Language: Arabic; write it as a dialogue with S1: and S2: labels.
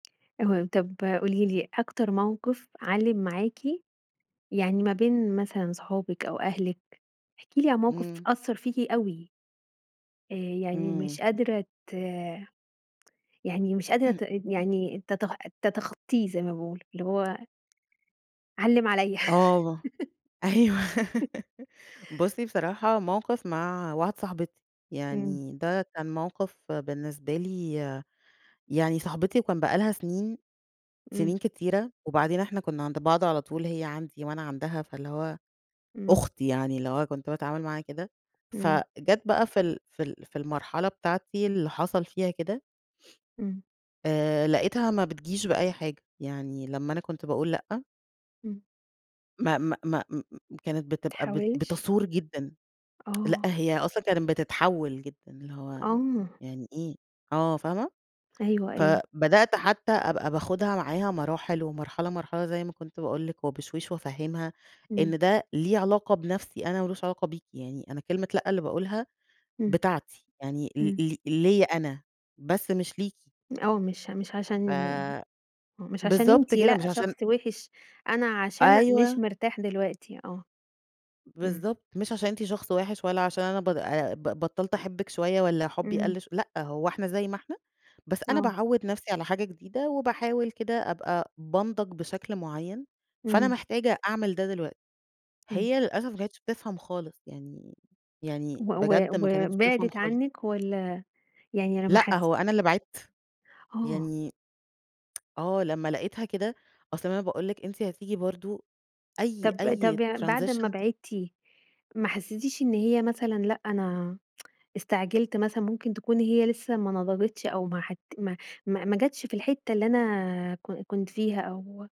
S1: اهم، طب قولي لي، أكتر موقف علّم معاكِ يعني ما بين مثلًا صحابِك أو أهلِك، احكِ لي عن موقف
S2: إمم.
S1: أثّر فيكِ أوي. آآ يعني
S2: إمم.
S1: ومش قادرة ت يعني مش قادرة ت يعني تتخ تتخطّيه، زي ما باقول، اللي هو علّم عليَّ
S2: آه، أيوه بُصي بصراحة موقف مع واحدة صاحبتي،
S1: إمم.
S2: يعني ده كان موقف بالنسبة لي يعني صاحبتي وكان بقى لها سنين
S1: إمم.
S2: سنين كتيرة. وبعدين إحنا كنا عند بعض على طول هي عندي وأنا عندها، فاللي هو
S1: إمم.
S2: أختي يعني اللي هو كُنت باتعامل معاها كده.
S1: إمم.
S2: فجات بقى في ال في ال في المرحلة بتاعتي اللي حصل فيها كده
S1: إمم.
S2: آآ لقيتها ما بتجيش بأي حاجة، يعني لمّا أنا كنت باقول لأ
S1: إمم.
S2: ما ما ما م كانت بتبقى بت
S1: تحاوِلش
S2: بتثور جدًا، لأ،
S1: آه.
S2: هي أصلًا كانت بتتحول جدًا، اللي هو
S1: آه.
S2: يعني إيه، آه، فاهمة؟
S1: أيوه، أيوه.
S2: فبدأت حتى أبقى باخُدها معاها مراحل ومرحلة مرحلة، زي ما كُنت باقول لِك، وبشويش، وأفهّمها
S1: إمم.
S2: إن ده ليه علاقة بنفسي أنا، وما لوش علاقة بيكِ، يعني أنا كلمة لأ اللي باقولها
S1: إمم،
S2: بتاعتي، يعني ل
S1: إمم.
S2: ل ليّا أنا بس، مش ليكِ.
S1: آه، مش مش
S2: ف
S1: عشان مش عشان
S2: بالضبط
S1: أنتِ
S2: كده مش
S1: لأ شخص
S2: عشان
S1: وِحِش، أنا عشان مش
S2: أيوه.
S1: مرتاح دلوقتي آه، إمم
S2: بالضبط، مش عشان أنتِ شخص وِحِش، ولا عشان أنا ب أ ب بطّلت أحبِّك شوية، والّا حُبّي
S1: إمم.
S2: قلّ ش لأ، هو إحنا زي ما إحنا، بس أنا
S1: آه.
S2: باعوّد نفسي على حاجة جديدة، وباحاول كده أبقى بانضج بشكل معين. فأنا
S1: إمم.
S2: محتاجة أعمل ده دلوقتي.
S1: أيوه.
S2: هي للأسف ما كانتش بتفهم خالص يعني،
S1: و
S2: يعني
S1: و
S2: بجد ما
S1: و
S2: كانتش بتفهم
S1: وبعدِت
S2: خالص.
S1: عنِّك والّا يعني لمّا
S2: لأ
S1: حسِّت
S2: هو أنا اللي بعدت
S1: آه
S2: يعني آه، لمّا لقيتها كده، أصل ما أنا باقول لِك، أنتِ هتيجي برضه أي
S1: طب
S2: أي
S1: طب يع بعد أمّا
S2: transition
S1: بعدتِ، ما حسيتيش إن هي مثلًا لأ أنا، استعجلت مثلًا، مُمكن تكون هي لسه ما نضجتش، أو ما حت ما ما ما جاتش في الحِتّة اللي أنا ك كُنت فيها، أو